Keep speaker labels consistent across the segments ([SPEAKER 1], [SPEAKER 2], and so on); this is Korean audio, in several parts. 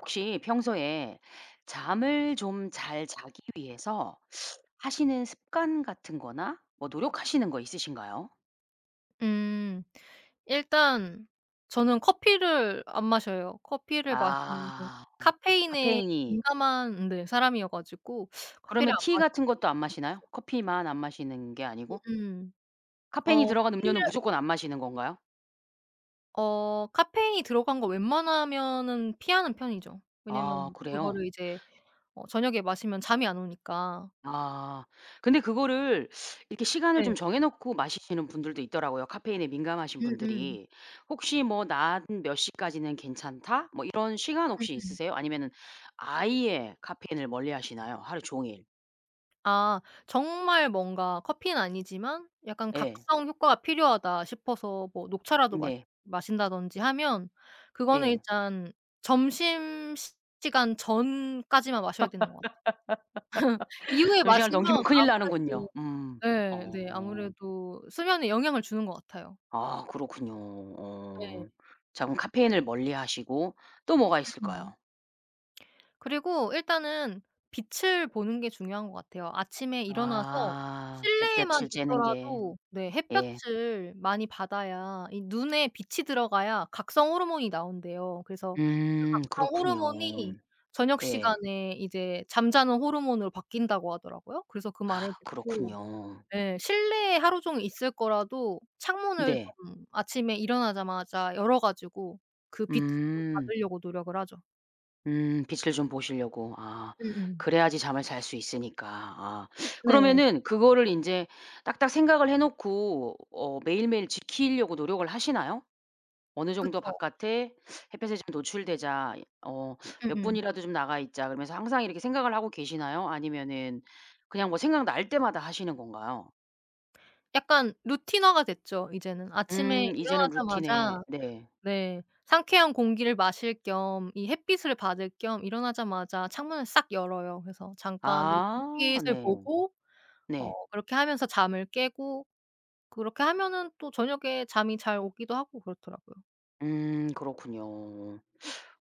[SPEAKER 1] 혹시 평소에 잠을 좀 잘 자기 위해서 하시는 습관 같은 거나 뭐 노력하시는 거 있으신가요?
[SPEAKER 2] 음. 일단 저는 커피를 안 마셔요. 커피를 마시는 게
[SPEAKER 1] 아
[SPEAKER 2] 카페인에
[SPEAKER 1] 카페인이
[SPEAKER 2] 민감한 네 사람 이어 가지고 커피를
[SPEAKER 1] 그러면
[SPEAKER 2] 안
[SPEAKER 1] 티
[SPEAKER 2] 마시게
[SPEAKER 1] 같은 것도 안 마시나요?
[SPEAKER 2] 됐어요.
[SPEAKER 1] 커피만 안 마시는 게 아니고?
[SPEAKER 2] 으음.
[SPEAKER 1] 카페인이
[SPEAKER 2] 어
[SPEAKER 1] 들어간
[SPEAKER 2] 커피를
[SPEAKER 1] 음료는 무조건 안 마시는 건가요?
[SPEAKER 2] 어 카페인이 들어간 거 웬만하면은 피하는 편이죠.
[SPEAKER 1] 아
[SPEAKER 2] 왜냐하면
[SPEAKER 1] 그래요?
[SPEAKER 2] 그거를 이제 어 저녁에 마시면 잠이 안 오니까.
[SPEAKER 1] 아 근데 그거를 이렇게 시간을
[SPEAKER 2] 네.
[SPEAKER 1] 좀 정해 놓고 마시시는 분들도 있더라고요, 카페인에 민감하신
[SPEAKER 2] 음음.
[SPEAKER 1] 분들이. 혹시 뭐 낮 몇 시까지는 괜찮다? 뭐 이런 시간 혹시
[SPEAKER 2] 음음.
[SPEAKER 1] 있으세요? 아니면은 아예 카페인을 멀리하시나요? 하루 종일.
[SPEAKER 2] 아 정말 뭔가 커피는 아니지만 약간
[SPEAKER 1] 예.
[SPEAKER 2] 각성 효과가 필요하다 싶어서 뭐 녹차라도 마신
[SPEAKER 1] 네.
[SPEAKER 2] 마신다든지 하면 그거는
[SPEAKER 1] 예.
[SPEAKER 2] 일단 점심시간 전까지만 마셔야 되는 것 같아요. 이후에
[SPEAKER 1] 그 시간을
[SPEAKER 2] 마시면
[SPEAKER 1] 넘기면 큰일 나는군요.
[SPEAKER 2] 아무래도
[SPEAKER 1] 음
[SPEAKER 2] 예. 네.
[SPEAKER 1] 어.
[SPEAKER 2] 아무래도 수면에 영향을 주는 것 같아요.
[SPEAKER 1] 아 그렇군요. 어
[SPEAKER 2] 네.
[SPEAKER 1] 자 그럼 카페인을 멀리하시고 또 뭐가
[SPEAKER 2] 음음.
[SPEAKER 1] 있을까요?
[SPEAKER 2] 그리고 일단은 빛을 보는 게 중요한 것 같아요. 아침에 일어나서
[SPEAKER 1] 아
[SPEAKER 2] 실내에만
[SPEAKER 1] 햇볕을 쬐는 게.
[SPEAKER 2] 있더라도 네
[SPEAKER 1] 예.
[SPEAKER 2] 햇볕을 많이 받아야 이 눈에 빛이 들어가야 각성 호르몬이 나온대요. 그래서 그
[SPEAKER 1] 음
[SPEAKER 2] 각성
[SPEAKER 1] 그렇군요.
[SPEAKER 2] 호르몬이 저녁
[SPEAKER 1] 예.
[SPEAKER 2] 시간에 이제 잠자는 호르몬으로 바뀐다고 하더라고요. 그래서 그 말을
[SPEAKER 1] 아
[SPEAKER 2] 듣고
[SPEAKER 1] 그렇군요.
[SPEAKER 2] 예 실내에 하루 종일 있을 거라도 창문을
[SPEAKER 1] 네.
[SPEAKER 2] 조금 아침에 일어나자마자 열어 가지고 그 빛을 좀
[SPEAKER 1] 음.
[SPEAKER 2] 받으려고 노력을 하죠.
[SPEAKER 1] 음 빛을 좀 보시려고 아.
[SPEAKER 2] 음음.
[SPEAKER 1] 그래야지 잠을 잘 수 있으니까 아.
[SPEAKER 2] 네.
[SPEAKER 1] 그러면은 그거를 인제 딱딱 생각을 해 놓고 어 매일매일 지키려고 노력을 하시나요? 어느 정도
[SPEAKER 2] 그쵸.
[SPEAKER 1] '바깥에 햇볕에 좀 노출되자. 어 몇
[SPEAKER 2] 음음.
[SPEAKER 1] 분이라도 좀 나가 있자.' 그러면서 항상 이렇게 생각을 하고 계시나요? 아니면은 그냥 뭐 생각날 때마다 하시는 건가요?
[SPEAKER 2] 약간 루틴화가 됐죠 이제는. 아침에
[SPEAKER 1] 음 이제는 루틴에
[SPEAKER 2] 일어나자마자
[SPEAKER 1] 네.
[SPEAKER 2] 네. 상쾌한 공기를 마실 겸 이 햇빛을 받을 겸 일어나자마자 창문을 싹 열어요. 그래서 잠깐 이렇게
[SPEAKER 1] 아
[SPEAKER 2] 햇빛을
[SPEAKER 1] 네.
[SPEAKER 2] 보고 어
[SPEAKER 1] 네.
[SPEAKER 2] 그렇게 하면서 잠을 깨고 그렇게 하면은 또 저녁에 잠이 잘 오기도 하고 그렇더라고요.
[SPEAKER 1] 음 그렇군요.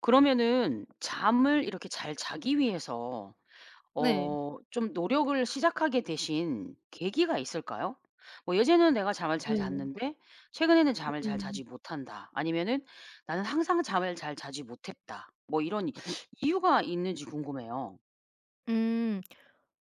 [SPEAKER 1] 그러면은 잠을 이렇게 잘 자기 위해서 어
[SPEAKER 2] 네.
[SPEAKER 1] 좀 노력을 시작하게 되신 계기가 있을까요? 뭐 "예전에는 내가 잠을
[SPEAKER 2] 네.
[SPEAKER 1] 잘 잤는데 최근에는 잠을 잘
[SPEAKER 2] 음.
[SPEAKER 1] 자지 못한다." 아니면은 "나는 항상 잠을 잘 자지 못했다." 뭐 이런 이유가 있는지 궁금해요.
[SPEAKER 2] 음.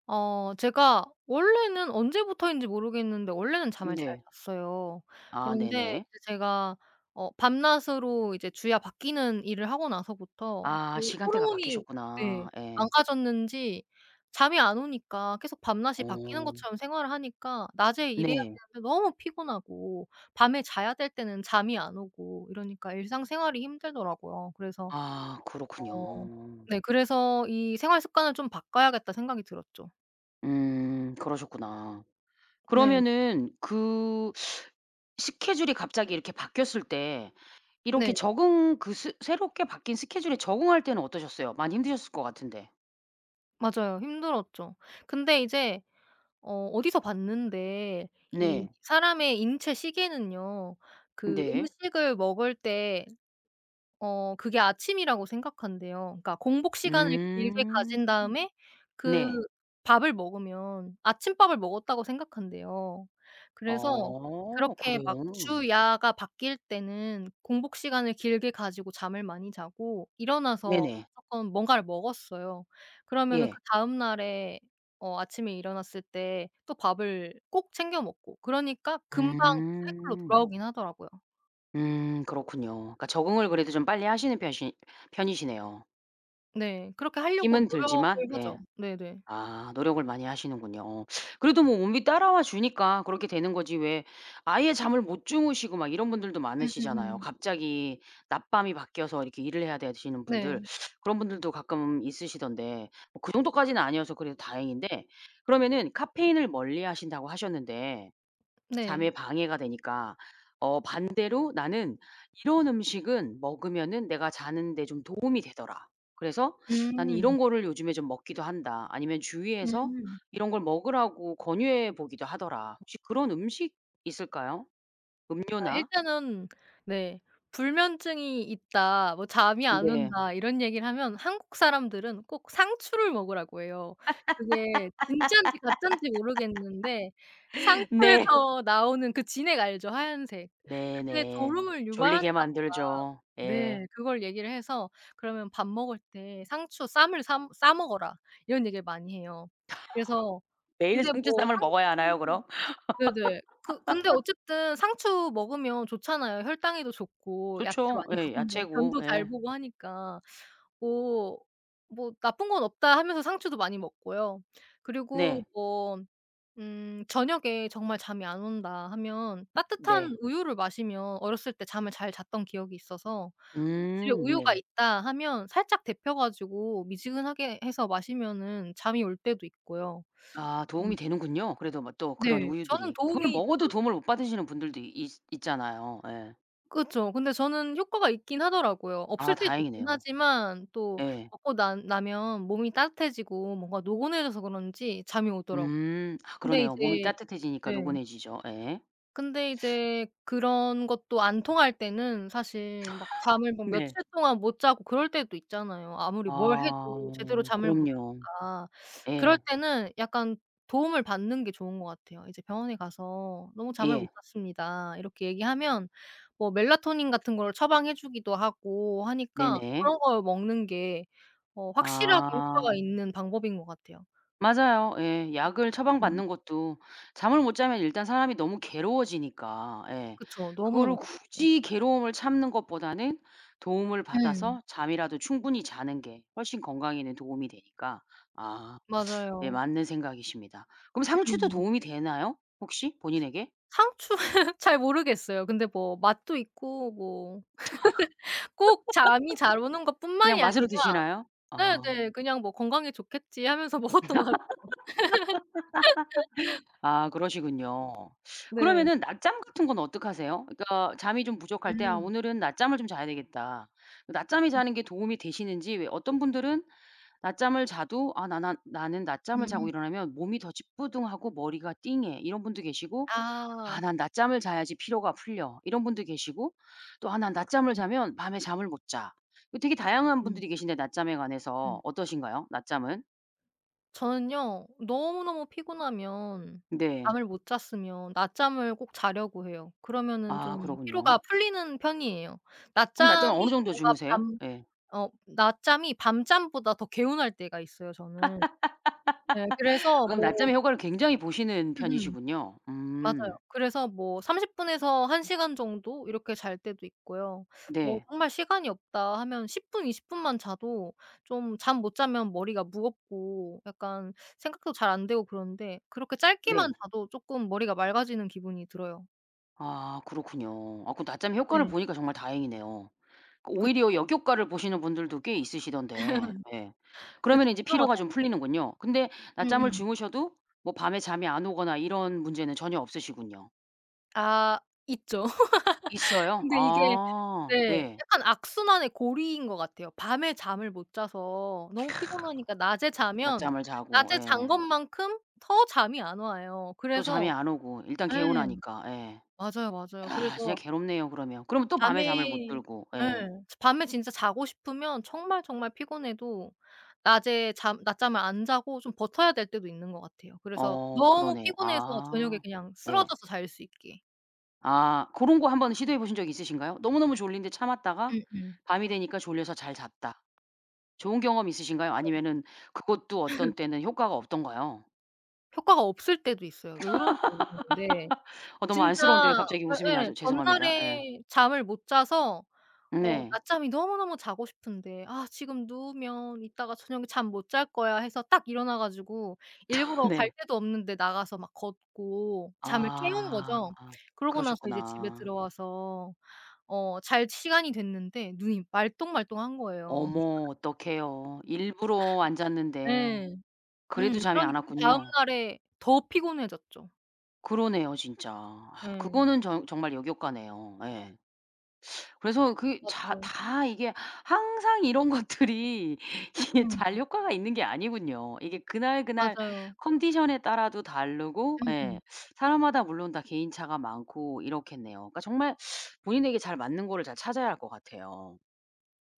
[SPEAKER 2] 어 제가 원래는 언제부터인지 모르겠는데 원래는
[SPEAKER 1] 음
[SPEAKER 2] 잠을 잘
[SPEAKER 1] 네.
[SPEAKER 2] 잤어요.
[SPEAKER 1] 아
[SPEAKER 2] 그런데
[SPEAKER 1] 네네.
[SPEAKER 2] 이제 제가 어 밤낮으로 이제 주야 바뀌는 일을 하고 나서부터 어
[SPEAKER 1] 아 시간대가
[SPEAKER 2] 호르몬이
[SPEAKER 1] 바뀌셨구나.
[SPEAKER 2] 네.
[SPEAKER 1] 예.
[SPEAKER 2] 망가졌는지 잠이 안 오니까 계속 밤낮이 바뀌는
[SPEAKER 1] 오.
[SPEAKER 2] 것처럼 생활하니까 낮에 일해야
[SPEAKER 1] 네.
[SPEAKER 2] 되는데 너무 피곤하고 밤에 자야 될 때는 잠이 안 오고 이러니까 일상생활이 힘들더라고요. 그래서
[SPEAKER 1] 아.
[SPEAKER 2] 어
[SPEAKER 1] 그렇군요.
[SPEAKER 2] 네. 그래서 '이 생활 습관을 좀 바꿔야겠다.' 생각이 들었죠.
[SPEAKER 1] 음. 그러셨구나.
[SPEAKER 2] 네.
[SPEAKER 1] 그러면은 그 스케줄이 갑자기 이렇게 바뀌었을 때 이렇게
[SPEAKER 2] 네.
[SPEAKER 1] 적응 그 스 새롭게 바뀐 스케줄에 적응할 때는 어떠셨어요? 많이 힘드셨을 것 같은데.
[SPEAKER 2] 맞아요. 힘들었죠. 근데 이제 어 어디서 봤는데 이
[SPEAKER 1] 네.
[SPEAKER 2] 사람의 인체 시계는요, 그
[SPEAKER 1] 네.
[SPEAKER 2] 음식을 먹을 때 어 그게 아침이라고 생각한대요. 그러니까 공복 시간을 길게
[SPEAKER 1] 음.
[SPEAKER 2] 가진 다음에 그
[SPEAKER 1] 네.
[SPEAKER 2] 밥을 먹으면 아침밥을 먹었다고 생각한대요. 그래서
[SPEAKER 1] 아.
[SPEAKER 2] 그렇게 막
[SPEAKER 1] 그래요.
[SPEAKER 2] 주야가 바뀔 때는 공복 시간을 길게 가지고 잠을 많이 자고 일어나서
[SPEAKER 1] 네네.
[SPEAKER 2] 조금 뭔가를 먹었어요. 그러면은
[SPEAKER 1] 예.
[SPEAKER 2] 그다음 날에 어 아침에 일어났을 때 또 밥을 꼭 챙겨 먹고 그러니까 금방 그 사이클로
[SPEAKER 1] 음.
[SPEAKER 2] 돌아오긴 하더라고요.
[SPEAKER 1] 음. 그렇군요. 그러니까 적응을 그래도 좀 빨리 하시는 편이시 편이시네요.
[SPEAKER 2] 네. 그렇게 하려고
[SPEAKER 1] 힘은 들지만
[SPEAKER 2] 노력을
[SPEAKER 1] 예.
[SPEAKER 2] 하죠. 네네.
[SPEAKER 1] 아 노력을 많이 하시는군요. 오. 그래도 몸이 따라와 주니까 그렇게 되는 거지 왜 아예 잠을 못 주무시고 막 이런 분들도 많으시잖아요.
[SPEAKER 2] 음음음.
[SPEAKER 1] 갑자기 낮밤이 바뀌어서 이렇게 일을 해야 되시는 분들
[SPEAKER 2] 네.
[SPEAKER 1] 그런 분들도 가끔 있으시던데 뭐 그 정도까지는 아니어서 그래도 다행인데. 그러면은 카페인을 멀리 하신다고 하셨는데 잠에
[SPEAKER 2] 네.
[SPEAKER 1] 방해가 되니까 어 반대로 나는 "이런 음식은 먹으면은 내가 자는 데 좀 도움이 되더라. 그래서 난
[SPEAKER 2] 음.
[SPEAKER 1] 이런 거를 요즘에 좀 먹기도 한다." 아니면 "주위에서
[SPEAKER 2] 음.
[SPEAKER 1] 이런 걸 먹으라고 권유해 보기도 하더라." 혹시 그런 음식 있을까요,
[SPEAKER 2] 아
[SPEAKER 1] 음료나?
[SPEAKER 2] 일단은 네. "불면증이 있다. 뭐 잠이 안
[SPEAKER 1] 네.
[SPEAKER 2] 온다." 이런 얘기를 하면 한국 사람들은 꼭 상추를 먹으라고 해요. 그게 진짠지 가짠지 모르겠는데
[SPEAKER 1] 네.
[SPEAKER 2] 상추에서 나오는 그 진액 알죠? 하얀색. 그게
[SPEAKER 1] 네네.
[SPEAKER 2] 졸음을
[SPEAKER 1] 졸리게
[SPEAKER 2] 유발한다고 막
[SPEAKER 1] 만들죠. 예.
[SPEAKER 2] 네 그걸 얘기를 해서 "그러면 밥 먹을 때 상추 쌈을 삼 싸 먹어라." 이런 얘기를 많이 해요. 그래서
[SPEAKER 1] 매일
[SPEAKER 2] 근데 뭐
[SPEAKER 1] 상추쌈을 먹어야 하나요,
[SPEAKER 2] 상추는
[SPEAKER 1] 그럼?
[SPEAKER 2] 네네. 그 근데 어쨌든 상추 먹으면 좋잖아요, 혈당에도 좋고 야채
[SPEAKER 1] 좋죠,
[SPEAKER 2] 많이
[SPEAKER 1] 예.
[SPEAKER 2] 먹으면
[SPEAKER 1] 야채고,
[SPEAKER 2] 변도 잘
[SPEAKER 1] 예.
[SPEAKER 2] 보고 하니까. '오. 뭐 나쁜 건 없다.' 하면서 상추도 많이 먹고요. 그리고
[SPEAKER 1] 네.
[SPEAKER 2] 뭐 음 저녁에 '정말 잠이 안 온다.' 하면 따뜻한
[SPEAKER 1] 네.
[SPEAKER 2] 우유를 마시면 어렸을 때 잠을 잘 잤던 기억이 있어서 집에
[SPEAKER 1] 음.
[SPEAKER 2] 우유가
[SPEAKER 1] 네.
[SPEAKER 2] 있다 하면 살짝 데워 가지고 미지근하게 해서 마시면은 잠이 올 때도 있고요.
[SPEAKER 1] 아
[SPEAKER 2] 음.
[SPEAKER 1] 도움이 되는군요, 그래도 뭐 또 그런
[SPEAKER 2] 네. 저는
[SPEAKER 1] 우유들이. 그걸
[SPEAKER 2] 도움이
[SPEAKER 1] 먹어도 도움을
[SPEAKER 2] 되더라고요.
[SPEAKER 1] 못 받으시는 분들도 있 있잖아요. 예.
[SPEAKER 2] 그쵸. 근데 저는 효과가 있긴 하더라고요.
[SPEAKER 1] 아
[SPEAKER 2] 없을 때도 있긴
[SPEAKER 1] 다행이네요.
[SPEAKER 2] 하지만 또
[SPEAKER 1] 예.
[SPEAKER 2] 먹고 난 나면 몸이 따뜻해지고 뭔가 노곤해져서 그런지 잠이 오더라고요.
[SPEAKER 1] 음. 하
[SPEAKER 2] 근데
[SPEAKER 1] 그러네요. 몸이
[SPEAKER 2] 이제
[SPEAKER 1] 따뜻해지니까
[SPEAKER 2] 네.
[SPEAKER 1] 노곤해지죠. 예.
[SPEAKER 2] 근데 이제 그런 것도 안 통할 때는 사실 막 잠을 막
[SPEAKER 1] 네.
[SPEAKER 2] 며칠 동안 못 자고 그럴 때도 있잖아요, 아무리 뭘 해도 제대로
[SPEAKER 1] 아.
[SPEAKER 2] 잠을 못
[SPEAKER 1] 그럼요.
[SPEAKER 2] 자니까. 그럴
[SPEAKER 1] 예.
[SPEAKER 2] 때는 약간 도움을 받는 게 좋은 것 같아요. 이제 병원에 가서 "너무 잠을 못
[SPEAKER 1] 예.
[SPEAKER 2] 잤습니다." 이렇게 얘기하면 뭐 멜라토닌 같은 걸 처방해 주기도 하고 하니까
[SPEAKER 1] 네네.
[SPEAKER 2] 그런 걸 먹는 게 어 확실하게 효과가
[SPEAKER 1] 아.
[SPEAKER 2] 있는 방법인 것 같아요.
[SPEAKER 1] 맞아요. 예. 약을
[SPEAKER 2] 음.
[SPEAKER 1] 처방받는 것도 잠을 못 자면 일단 사람이 너무 괴로워지니까 예
[SPEAKER 2] 그쵸.
[SPEAKER 1] 그거를
[SPEAKER 2] 너무너무 괴롭죠.
[SPEAKER 1] 굳이 괴로움을 참는 것보다는 도움을
[SPEAKER 2] 음.
[SPEAKER 1] 받아서 잠이라도 충분히 자는 게 훨씬 건강에는 도움이 되니까 아 예
[SPEAKER 2] 맞아요.
[SPEAKER 1] 맞는 생각이십니다. 그럼 상추도
[SPEAKER 2] 음.
[SPEAKER 1] 도움이 되나요, 혹시 본인에게?
[SPEAKER 2] 상추 잘 모르겠어요. 근데 뭐 맛도 있고 뭐 꼭 잠이 잘 오는
[SPEAKER 1] 그냥
[SPEAKER 2] 것뿐만이
[SPEAKER 1] 맛으로
[SPEAKER 2] 아니라
[SPEAKER 1] 드시나요? 아.
[SPEAKER 2] 네네. 그냥 뭐 '건강에 좋겠지.' 하면서 먹었던 것 같아요.
[SPEAKER 1] 아 그러시군요.
[SPEAKER 2] 네.
[SPEAKER 1] 그러면은 낮잠 같은 건 어떻게 하세요? 그러니까 잠이 좀 부족할 때 '아
[SPEAKER 2] 음.
[SPEAKER 1] 오늘은 낮잠을 좀 자야 되겠다.' 낮잠이
[SPEAKER 2] 네.
[SPEAKER 1] 자는 게 도움이 되시는지. 왜 어떤 분들은 낮잠을 자도 아 나 난 "나는 낮잠을 자고
[SPEAKER 2] 음.
[SPEAKER 1] 일어나면 몸이 더 찌뿌둥하고, 머리가 띵해." 이런 분도 계시고 "아
[SPEAKER 2] 아.
[SPEAKER 1] 난 낮잠을 자야지 피로가 풀려." 이런 분도 계시고 또 "아 난 낮잠을 자면 밤에 잠을 못 자." 이 되게 다양한
[SPEAKER 2] 음.
[SPEAKER 1] 분들이 계신데 낮잠에 관해서
[SPEAKER 2] 음.
[SPEAKER 1] 어떠신가요, 낮잠은?
[SPEAKER 2] 저는요 너무너무 피곤하면
[SPEAKER 1] 네.
[SPEAKER 2] 잠을 못 잤으면 낮잠을 꼭 자려고 해요. 그러면은 좀
[SPEAKER 1] 아 그러군요.
[SPEAKER 2] 피로가 풀리는 편이에요.
[SPEAKER 1] 그럼 낮잠을 어느
[SPEAKER 2] 낮잠이
[SPEAKER 1] 정도
[SPEAKER 2] 뭔가
[SPEAKER 1] 주무세요?
[SPEAKER 2] 밤
[SPEAKER 1] 예.
[SPEAKER 2] 어 낮잠이 밤잠보다 더 개운할 때가 있어요,
[SPEAKER 1] 아
[SPEAKER 2] 저는. 예 그래서
[SPEAKER 1] 그럼
[SPEAKER 2] 뭐
[SPEAKER 1] 낮잠의 효과를 굉장히 보시는
[SPEAKER 2] 음음.
[SPEAKER 1] 편이시군요.
[SPEAKER 2] 맞아요.
[SPEAKER 1] 음.
[SPEAKER 2] 그래서 뭐 30 분에서 1 시간 정도 이렇게 잘 때도 있고요. 뭐
[SPEAKER 1] 네.
[SPEAKER 2] 정말 시간이 없다 하면 10 분, 20 분만 자도 좀 잠 못 자면 머리가 무겁고 약간 생각도 잘 안되고 그런데 그렇게 짧게만
[SPEAKER 1] 네.
[SPEAKER 2] 자도 쪼끔 머리가 맑아지는 기분이 들어요.
[SPEAKER 1] 아 그렇군요. 아 그 낮잠이 효과를
[SPEAKER 2] 네.
[SPEAKER 1] 보니까 정말 다행이네요. 그 오히려
[SPEAKER 2] 그쵸.
[SPEAKER 1] 역효과를 보시는 분들도 꽤 있으시던데 예. 그러면
[SPEAKER 2] 그쵸.
[SPEAKER 1] 인제
[SPEAKER 2] 들어가
[SPEAKER 1] 피로가 좀
[SPEAKER 2] [unintelligible]
[SPEAKER 1] 풀리는군요. 근데 낮잠을
[SPEAKER 2] 음음.
[SPEAKER 1] 주무셔도 뭐 밤에 잠이 안 오거나 이런 문제는 전혀 없으시군요.
[SPEAKER 2] 아 있죠.
[SPEAKER 1] 있어요?
[SPEAKER 2] 근데 이게
[SPEAKER 1] 아.
[SPEAKER 2] 네.
[SPEAKER 1] 예.
[SPEAKER 2] 약간 악순환의 고리인 것 같아요. 밤에 잠을 못 자서 너무 피곤하니까 낮에 자면
[SPEAKER 1] 낮잠을 자고.
[SPEAKER 2] 낮에 잔
[SPEAKER 1] 예.
[SPEAKER 2] 것만큼 더 잠이 안 와요.
[SPEAKER 1] 또 잠이
[SPEAKER 2] 그래서
[SPEAKER 1] 안 오고 일단
[SPEAKER 2] 예.
[SPEAKER 1] 개운하니까. 예.
[SPEAKER 2] 맞아요. 맞아요.
[SPEAKER 1] 야 진짜
[SPEAKER 2] 그래서
[SPEAKER 1] 괴롭네요, 그러면. 그러면 또
[SPEAKER 2] 밤에
[SPEAKER 1] 밤에 잠을 못 들고
[SPEAKER 2] 예
[SPEAKER 1] 예.
[SPEAKER 2] 밤에 진짜 자고 싶으면 정말, 정말 피곤해도 낮에 잠 낮잠을 안 자고 좀 버텨야 될 때도 있는 것 같아요. 그래서
[SPEAKER 1] 어
[SPEAKER 2] 너무
[SPEAKER 1] 그러네
[SPEAKER 2] 피곤해서 저녁에
[SPEAKER 1] 아
[SPEAKER 2] 그냥
[SPEAKER 1] 예
[SPEAKER 2] 쓰러져서 잘 수 있게.
[SPEAKER 1] 아 고런 거 1 번 시도해 보신 적 있으신가요? 너무너무 졸린데 참았다가
[SPEAKER 2] 음음.
[SPEAKER 1] 밤이 되니까 졸려서 잘 잤다. 좋은 경험 있으신가요?
[SPEAKER 2] 그쵸.
[SPEAKER 1] 아니면은 그것도 어떤 때는 효과가 없던가요?
[SPEAKER 2] 효과가 없을 때도 있어요. 왜 그런지 모르겠는데
[SPEAKER 1] 어 너무
[SPEAKER 2] 진짜
[SPEAKER 1] 안쓰러운데 왜 갑자기 웃음이
[SPEAKER 2] 예예.
[SPEAKER 1] 나죠. 죄송합니다. 예.
[SPEAKER 2] 전날에 잠을 못 자서 어
[SPEAKER 1] 네.
[SPEAKER 2] 낮잠이 너무너무 자고 싶은데 '아 지금 누우면 이따가 저녁에 잠 못 잘 거야.' 해서 딱 일어나 가지고 일부러 갈
[SPEAKER 1] 네.
[SPEAKER 2] 데도 없는데 나가서 막 걷고 잠을 깨운
[SPEAKER 1] 아
[SPEAKER 2] 거죠. 그러고 나서 이제 집에
[SPEAKER 1] 그러셨구나.
[SPEAKER 2] 들어와서 어 잘 시간이 됐는데 눈이 말똥말똥한 거예요.
[SPEAKER 1] 어머 어떡해요. 일부러 안 잤는데
[SPEAKER 2] 예. 음.
[SPEAKER 1] 그래도 잠이 안
[SPEAKER 2] 그러니까 그다음
[SPEAKER 1] 왔군요.
[SPEAKER 2] 날에 더 피곤해졌죠.
[SPEAKER 1] 그러네요 진짜.
[SPEAKER 2] 예.
[SPEAKER 1] 그거는 정 정말 역효과네요. 예. 그래서 그 자
[SPEAKER 2] 맞죠.
[SPEAKER 1] 다 이게 항상 이런 것들이 이게
[SPEAKER 2] 음.
[SPEAKER 1] 잘 효과가 있는 게 아니군요. 이게 그날, 그날
[SPEAKER 2] 맞아요.
[SPEAKER 1] 컨디션에 따라도 다르고 예
[SPEAKER 2] 음음.
[SPEAKER 1] 사람마다 물론 다 개인차가 많고 이렇겠네요. 그러니까 정말 본인에게 잘 맞는 거를 잘 찾아야 할 것 같아요.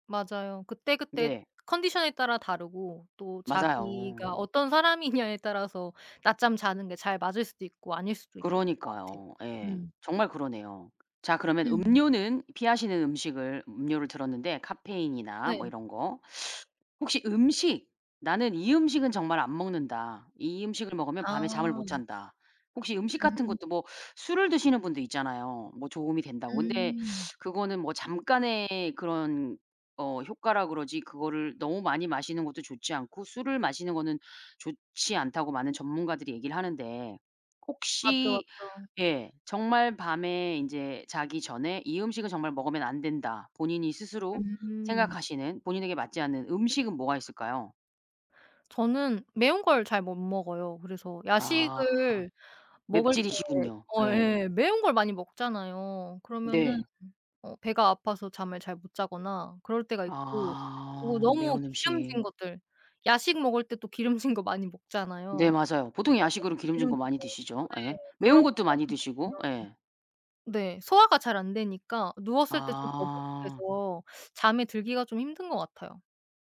[SPEAKER 2] 맞아요. 그때그때
[SPEAKER 1] 네.
[SPEAKER 2] 컨디션에 따라 다르고 또
[SPEAKER 1] 맞아요.
[SPEAKER 2] 자기가 어떤 사람이냐에 따라서 낮잠 자는 게 잘 맞을 수도 있고 아닐 수도 있고 그런 것 같아요.
[SPEAKER 1] 그러니까요. 예.
[SPEAKER 2] 음.
[SPEAKER 1] 정말 그러네요. 자 그러면
[SPEAKER 2] 음.
[SPEAKER 1] 음료는 피하시는 음식을 음료를 들었는데 카페인이나 뭐
[SPEAKER 2] 네.
[SPEAKER 1] 이런 거 혹시 음식 '나는 이 음식은 정말 안 먹는다. 이 음식을 먹으면 밤에 잠을 못
[SPEAKER 2] 아.
[SPEAKER 1] 잔다.' 혹시 음식 같은
[SPEAKER 2] 음.
[SPEAKER 1] 것도 뭐 술을 드시는 분도 있잖아요 뭐 도움이 된다고. 근데
[SPEAKER 2] 음.
[SPEAKER 1] 그거는 뭐 '잠깐의 그런 어 효과라 그러지 그거를 너무 많이 마시는 것도 좋지 않고 술을 마시는 거는 좋지 않다.'고 많은 전문가들이 얘기를 하는데
[SPEAKER 2] 아
[SPEAKER 1] 혹시
[SPEAKER 2] 그렇죠.
[SPEAKER 1] 예. 정말 밤에 인제 '자기 전에 이 음식은 정말 먹으면 안 된다.' 본인이 스스로
[SPEAKER 2] 음.
[SPEAKER 1] 생각하시는 본인에게 맞지 않는 음식은 뭐가 있을까요?
[SPEAKER 2] 저는 매운 걸 잘 못 먹어요. 그래서
[SPEAKER 1] 아
[SPEAKER 2] 야식을 먹을 때
[SPEAKER 1] 맵찔이시군요.
[SPEAKER 2] 어
[SPEAKER 1] 예.
[SPEAKER 2] 예 매운 걸 많이 먹잖아요. 그러면은
[SPEAKER 1] 네.
[SPEAKER 2] 어 배가 아파서 잠을 잘 못 자거나 그럴 때가 있고 오
[SPEAKER 1] 아
[SPEAKER 2] 너무
[SPEAKER 1] 매운
[SPEAKER 2] 기름진
[SPEAKER 1] 음식.
[SPEAKER 2] 것들 야식 먹을 때 또 기름진 거 많이
[SPEAKER 1] 네
[SPEAKER 2] 먹잖아요.
[SPEAKER 1] 맞아요. 보통 야식으로
[SPEAKER 2] 그래서
[SPEAKER 1] 기름진 거
[SPEAKER 2] 기름진
[SPEAKER 1] 많이
[SPEAKER 2] 거
[SPEAKER 1] 드시죠?
[SPEAKER 2] 네
[SPEAKER 1] 예. 매운
[SPEAKER 2] 그런 거
[SPEAKER 1] 것도 많이
[SPEAKER 2] 많이
[SPEAKER 1] 드시고.
[SPEAKER 2] 먹으면
[SPEAKER 1] 예.
[SPEAKER 2] 네. 소화가 잘 안 되니까 누웠을 때 좀
[SPEAKER 1] 아.
[SPEAKER 2] 더부룩해서 잠에 들기가 좀 힘든 것 같아요.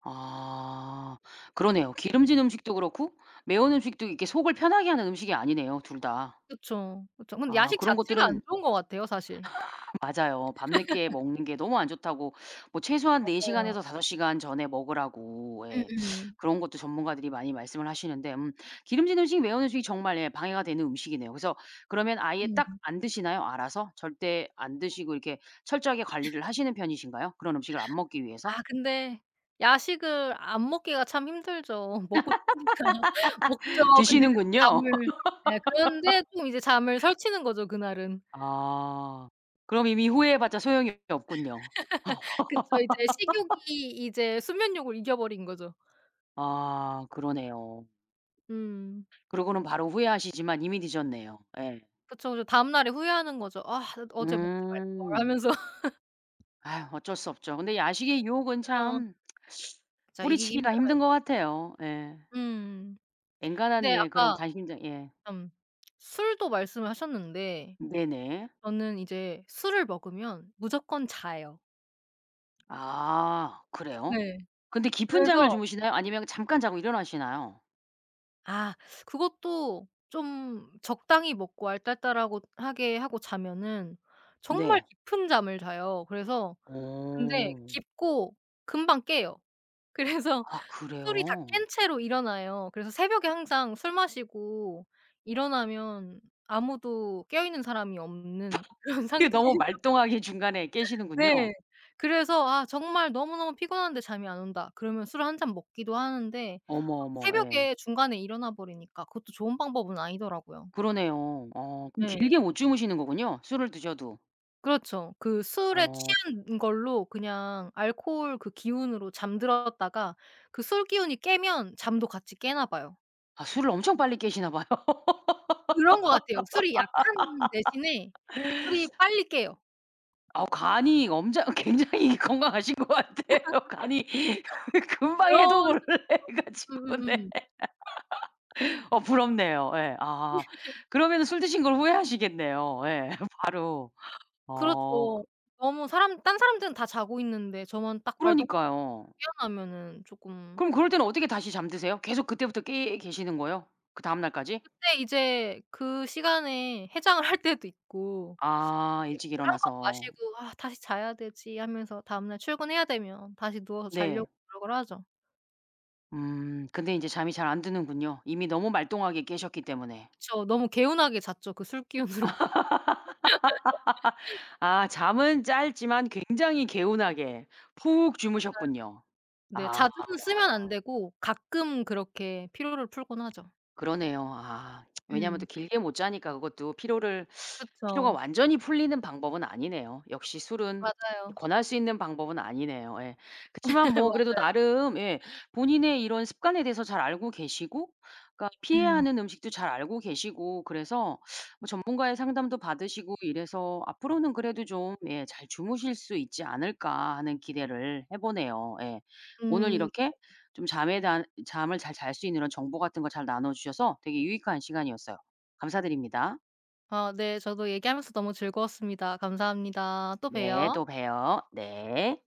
[SPEAKER 1] 아 그러네요. 기름진 음식도 그렇고 매운 음식도 이렇게 속을 편하게 하는 음식이 아니네요, 2 다.
[SPEAKER 2] 그쵸, 그쵸. 근데
[SPEAKER 1] 아
[SPEAKER 2] 야식
[SPEAKER 1] 그런
[SPEAKER 2] 자체가
[SPEAKER 1] 것들은
[SPEAKER 2] 안 좋은 것 같아요. 사실.
[SPEAKER 1] 맞아요. 밤늦게 먹는 게 너무 안 좋다고 뭐 최소한 4
[SPEAKER 2] 맞아요.
[SPEAKER 1] 시간에서 5 시간 전에 먹으라고 예.
[SPEAKER 2] 음음.
[SPEAKER 1] 그런 것도 전문가들이 많이 말씀을 하시는데 음 기름진 음식, 매운 음식이 정말 예 방해가 되는 음식이네요. 그래서 그러면 아예 딱
[SPEAKER 2] 음.
[SPEAKER 1] 안 드시나요? 알아서? 절대 안 드시고 이렇게 철저하게 관리를 하시는 편이신가요? 그런 음식을 안 먹기 위해서?
[SPEAKER 2] 아 근데 야식을 안 먹기가 참 힘들죠. 먹고 싶으니까. 먹죠. 근데 이제 또
[SPEAKER 1] 드시는군요.
[SPEAKER 2] 잠을 네. 그런데 또 이제 잠을 설치는 거죠, 그날은.
[SPEAKER 1] 아 그럼 이미 후회해 봤자 소용이 없군요.
[SPEAKER 2] 그쵸. 이제 식욕이 이제 수면욕을 이겨버린 거죠.
[SPEAKER 1] 아 그러네요.
[SPEAKER 2] 음.
[SPEAKER 1] 그러고는 바로 후회하시지만 이미 늦었네요. 예.
[SPEAKER 2] 그쵸 저 다음 날에 후회하는 거죠. '아 어 어제 먹지 말걸.'
[SPEAKER 1] 음.
[SPEAKER 2] 하면서.
[SPEAKER 1] 아유 어쩔 수 없죠. 근데 야식의 유혹은
[SPEAKER 2] 그죠.
[SPEAKER 1] 참
[SPEAKER 2] 그쵸. 이기기
[SPEAKER 1] 뿌리치기가
[SPEAKER 2] 힘들어요.
[SPEAKER 1] 힘든 거 같아요. 예.
[SPEAKER 2] 음.
[SPEAKER 1] 엥간한
[SPEAKER 2] 근데
[SPEAKER 1] 예 그런
[SPEAKER 2] 아까
[SPEAKER 1] 강심장 예.
[SPEAKER 2] 음. 술도 말씀을 하셨는데
[SPEAKER 1] 네네.
[SPEAKER 2] 저는 이제 술을 먹으면 무조건 자요.
[SPEAKER 1] 아 그래요?
[SPEAKER 2] 네.
[SPEAKER 1] 근데 깊은 잠을
[SPEAKER 2] 그래서
[SPEAKER 1] 주무시나요 아니면 잠깐 자고 일어나시나요?
[SPEAKER 2] 아 그것도 좀 적당히 먹고 알딸딸하고 하게 하고 자면은 정말
[SPEAKER 1] 네.
[SPEAKER 2] 깊은 잠을 자요. 그래서 근데
[SPEAKER 1] 오.
[SPEAKER 2] 깊고 금방 깨요. 그래서
[SPEAKER 1] 아
[SPEAKER 2] 술이 다
[SPEAKER 1] 그래요?
[SPEAKER 2] 깬 채로 일어나요. 그래서 새벽에 항상 술 마시고 일어나면 아무도 깨어있는 사람이 없는 그런
[SPEAKER 1] 그게
[SPEAKER 2] 상태에서
[SPEAKER 1] 너무 말똥하게 중간에 깨시는군요.
[SPEAKER 2] 네. 그래서 아 정말 너무너무 피곤한데 잠이 안 온다 그러면 술 1 잔 먹기도 하는데
[SPEAKER 1] 어머,
[SPEAKER 2] 막
[SPEAKER 1] 어머 예.
[SPEAKER 2] 새벽에 중간에 일어나 버리니까 그것도 좋은 방법은 아니더라고요.
[SPEAKER 1] 그러네요. 어 그럼
[SPEAKER 2] 네.
[SPEAKER 1] 길게 못 주무시는 거군요 술을 드셔도.
[SPEAKER 2] 그렇죠. 그 술에
[SPEAKER 1] 어.
[SPEAKER 2] 취한 걸로 그냥 알코올 그 기운으로 잠들었다가 그 술 기운이 깨면 잠도 같이 깨나 봐요.
[SPEAKER 1] 아 술을 엄청 빨리 깨시나 봐요.
[SPEAKER 2] 그런 것 같아요. 술이 약한 대신에 술이 빨리 깨요.
[SPEAKER 1] 어 간이 엄장 굉장히 건강하신 거 같아요. 간이 금방
[SPEAKER 2] 그럴
[SPEAKER 1] 해독을
[SPEAKER 2] 수도
[SPEAKER 1] 해
[SPEAKER 2] 있죠.
[SPEAKER 1] 가지고. 네.
[SPEAKER 2] 음음음.
[SPEAKER 1] 어 부럽네요. 예. 아. 그러면 술 드신 걸 후회하시겠네요. 예 바로. 어
[SPEAKER 2] 그렇죠.
[SPEAKER 1] 그
[SPEAKER 2] 너무 사람 다른 사람들은 다 자고 있는데 저만 딱 말똥
[SPEAKER 1] 그러니까요.
[SPEAKER 2] [unintelligible] 깨어나면은 쪼끔
[SPEAKER 1] 그럼 그럴 때는 어떻게 다시 잠 드세요? 계속 그때부터 깨 계시는 거예요 그 다음 날까지?
[SPEAKER 2] 그때 이제 그 시간에 해장을 할 때도 있고 그리고
[SPEAKER 1] 아. 일찍
[SPEAKER 2] 물 1 컵
[SPEAKER 1] 일어나서.
[SPEAKER 2] 마시고 '아 다시 자야 되지.' 하면서 다음 날 출근해야 되면 다시 누워서
[SPEAKER 1] 네.
[SPEAKER 2] 자려고 노력을 하죠.
[SPEAKER 1] 음. 근데 인제 잠이 잘 안 드는군요 이미 너무 말똥하게 깨셨기 때문에.
[SPEAKER 2] 그쵸. 너무 개운하게 잤죠 그 술기운으로.
[SPEAKER 1] 아. 잠은 짧지만 굉장히
[SPEAKER 2] 음.
[SPEAKER 1] 개운하게 푹
[SPEAKER 2] 맞아요.
[SPEAKER 1] 주무셨군요.
[SPEAKER 2] 네.
[SPEAKER 1] 아.
[SPEAKER 2] 자주는 쓰면 안 되고 가끔 그렇게 피로를 풀곤 하죠.
[SPEAKER 1] 그러네요. 아. 왜냐하면
[SPEAKER 2] 음.
[SPEAKER 1] 또 길게 못 자니까 그것도 피로를 피로가
[SPEAKER 2] 그쵸.
[SPEAKER 1] 완전히 풀리는 방법은 아니네요. 역시 술은
[SPEAKER 2] 맞아요.
[SPEAKER 1] 권할 수 있는 방법은 아니네요. 예. 그치만 뭐 그래도
[SPEAKER 2] 맞아요.
[SPEAKER 1] 나름 예 본인의 이런 습관에 대해서 잘 알고 계시고 그러니까 피해야
[SPEAKER 2] 음.
[SPEAKER 1] 하는 음식도 잘 알고 계시고 그래서 뭐 전문가의 상담도 받으시고 이래서 '앞으로는 그래도 좀 예 잘 주무실 수 있지 않을까?' 하는 기대를 해 보네요. 예. 오늘
[SPEAKER 2] 음.
[SPEAKER 1] 이렇게 좀 잠에 대한 잠을 잘 잘 수 있는 이런 정보 같은 거 잘 나눠 주셔서 되게 유익한 시간이었어요. 감사드립니다.
[SPEAKER 2] 아 네. 저도 얘기하면서 너무 즐거웠습니다. 감사합니다. 또
[SPEAKER 1] 네,
[SPEAKER 2] 봬요.
[SPEAKER 1] 또 봬요. 네.